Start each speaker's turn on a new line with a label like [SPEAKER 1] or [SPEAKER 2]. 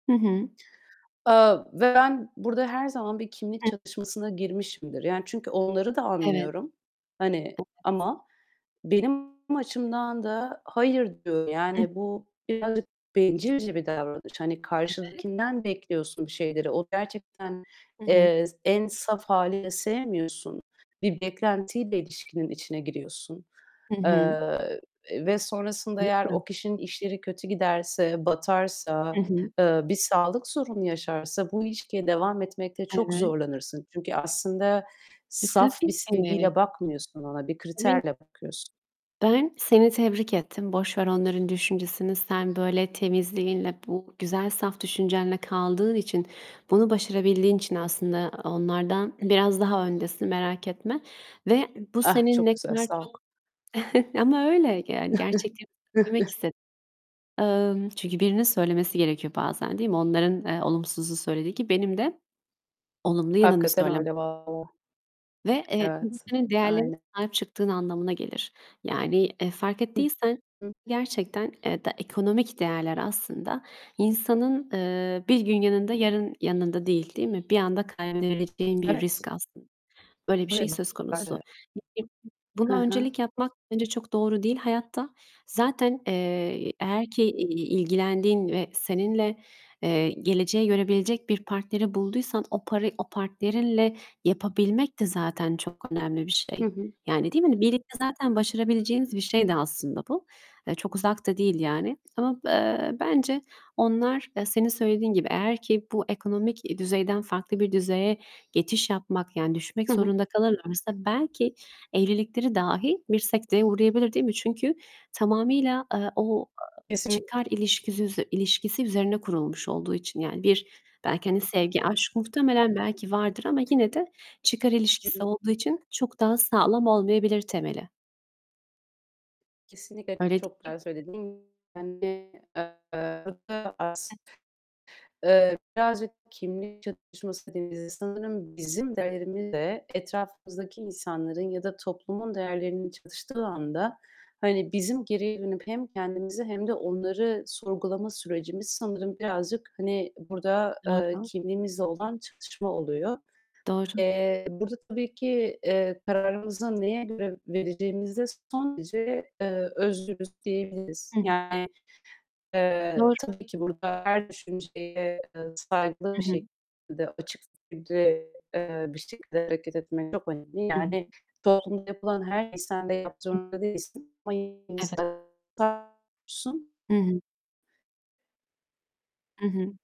[SPEAKER 1] Hı hı.
[SPEAKER 2] Aaa, ve ben burada her zaman bir kimlik
[SPEAKER 1] Hı.
[SPEAKER 2] çatışmasına girmişimdir. Yani, çünkü onları da
[SPEAKER 1] Evet.
[SPEAKER 2] anlıyorum. Hani,
[SPEAKER 1] Evet.
[SPEAKER 2] ama benim açımdan da, hayır diyor.
[SPEAKER 1] Hı.
[SPEAKER 2] Yani bu birazcık bencilce bir davranış. Hani,
[SPEAKER 1] Evet.
[SPEAKER 2] karşındakinden bekliyorsun bir şeyleri. O gerçekten,
[SPEAKER 1] Hı hı.
[SPEAKER 2] eee, en saf hâliyle sevmiyorsun. Bir beklentiyle ilişkinin içine giriyorsun.
[SPEAKER 1] Hı hı.
[SPEAKER 2] Eee, ve sonrasında eğer o
[SPEAKER 1] [unintelligible]
[SPEAKER 2] kişinin işleri kötü giderse, batarsa,
[SPEAKER 1] Hı hı.
[SPEAKER 2] eee, bir sağlık sorunu yaşarsa bu ilişkiye devam etmekte çok
[SPEAKER 1] Evet.
[SPEAKER 2] zorlanırsın. Çünkü aslında
[SPEAKER 1] E,
[SPEAKER 2] saf bir
[SPEAKER 1] tabii ki.
[SPEAKER 2] sevgiyle bakmıyorsun ona, bir
[SPEAKER 1] [unintelligible]
[SPEAKER 2] kriterle bakıyorsun.
[SPEAKER 1] Ben seni tebrik ettim. Boş ver onların düşüncesini. Sen, böyle, temizliğinle, bu güzel saf düşüncenle kaldığın için, bunu başarabildiğin için aslında onlardan biraz daha öndesin, merak etme ve bu
[SPEAKER 2] Ah
[SPEAKER 1] senin
[SPEAKER 2] çok
[SPEAKER 1] ne
[SPEAKER 2] güzel,
[SPEAKER 1] kadar
[SPEAKER 2] sağ ol.
[SPEAKER 1] çok Ama öyle, yani gerçekleri söylemek istedim. Emm, çünkü birinin söylemesi gerekiyor bazen, değil mi? Onların, eee, olumsuzu söylediği gibi benim de olumlu yanını
[SPEAKER 2] Hakikaten
[SPEAKER 1] söylemem
[SPEAKER 2] öyle valla.
[SPEAKER 1] Ve, eee, [unintelligible]
[SPEAKER 2] Evet,
[SPEAKER 1] senin değerlerine
[SPEAKER 2] aynı
[SPEAKER 1] sahip çıktığın anlamına gelir. Yani, eee, fark
[SPEAKER 2] Hı
[SPEAKER 1] ettiysen
[SPEAKER 2] hı.
[SPEAKER 1] gerçekten, eee, de ekonomik değerler aslında insanın, eee, bir gün yanında, yarın yanında değil, değil mi? Bir anda kaybedebileceğin bir
[SPEAKER 2] Evet.
[SPEAKER 1] risk aslında. Öyle bir şey söz konusu.
[SPEAKER 2] [unintelligible]
[SPEAKER 1] [unintelligible]
[SPEAKER 2] Hı
[SPEAKER 1] Buna öncelik
[SPEAKER 2] hı.
[SPEAKER 1] yapmak bence çok doğru değil hayatta. Zaten, eee, eğer ki, iii, ilgilendiğin ve seninle, eee, geleceğe yönelebilecek bir partneri bulduysan o paray o partnerinle yapabilmek de zaten çok önemli bir
[SPEAKER 2] Hı
[SPEAKER 1] şey.
[SPEAKER 2] hı.
[SPEAKER 1] Yani değil mi? Hani, birlikte zaten başarabileceğiniz bir şeydi aslında bu. Eee, çok uzak da değil yani. Ama eee, bence onlar, e, senin söylediğin gibi, eğer ki bu ekonomik i düzeyden farklı bir düzeye geçiş yapmak, yani düşmek
[SPEAKER 2] Hı hı.
[SPEAKER 1] zorunda kalırlarsa belki evlilikleri dahi bir sekteye uğrayabilir, değil mi? Çünkü tamamıyla, eee, o, ııı,
[SPEAKER 2] Kesin
[SPEAKER 1] çıkar ilişkisisi ilişkisi üzerine kurulmuş olduğu için, yani bir, belki, hani, sevgi, aşk muhtemelen belki vardır ama yine de çıkar
[SPEAKER 2] Hı
[SPEAKER 1] ilişkisi
[SPEAKER 2] hı.
[SPEAKER 1] olduğu için çok daha sağlam olmayabilir temeli.
[SPEAKER 2] Kesinlikle
[SPEAKER 1] Öyle değil
[SPEAKER 2] çok
[SPEAKER 1] mi?
[SPEAKER 2] güzel söyledin. Yani, eee, burada
[SPEAKER 1] [unintelligible]
[SPEAKER 2] aslında, eee, birazcık kimlik çatışması dediğimizde sanırım bizim değerimizle etrafımızdaki insanların ya da toplumun değerlerinin çatıştığı anda, hani bizim geriye dönüp hem kendimizi hem de onları sorgulama sürecimiz sanırım birazcık, hani, burada, eee,
[SPEAKER 1] Doğru.
[SPEAKER 2] kimliğimizle olan çatışma oluyor.
[SPEAKER 1] Doğru.
[SPEAKER 2] Eee, burada tabii ki, eee, kararımızı neye göre vereceğimizde son derece, eee, özgürüz diyebiliriz.
[SPEAKER 1] Hı hı.
[SPEAKER 2] Yani, eee,
[SPEAKER 1] Doğru.
[SPEAKER 2] tabii ki burada her düşünceye, eee, saygılı
[SPEAKER 1] Hı
[SPEAKER 2] bir
[SPEAKER 1] hı.
[SPEAKER 2] şekilde, açık bir şekilde, eee, bir şekilde hareket etmek çok önemli.
[SPEAKER 1] Hı
[SPEAKER 2] Yani
[SPEAKER 1] hı.
[SPEAKER 2] toplumda yapılan her şeyi sen de yapmak
[SPEAKER 1] Hı.
[SPEAKER 2] zorunda değilsin ama yine de
[SPEAKER 1] Evet.
[SPEAKER 2] saygılı oluyorsun.
[SPEAKER 1] Hı hı. I hı.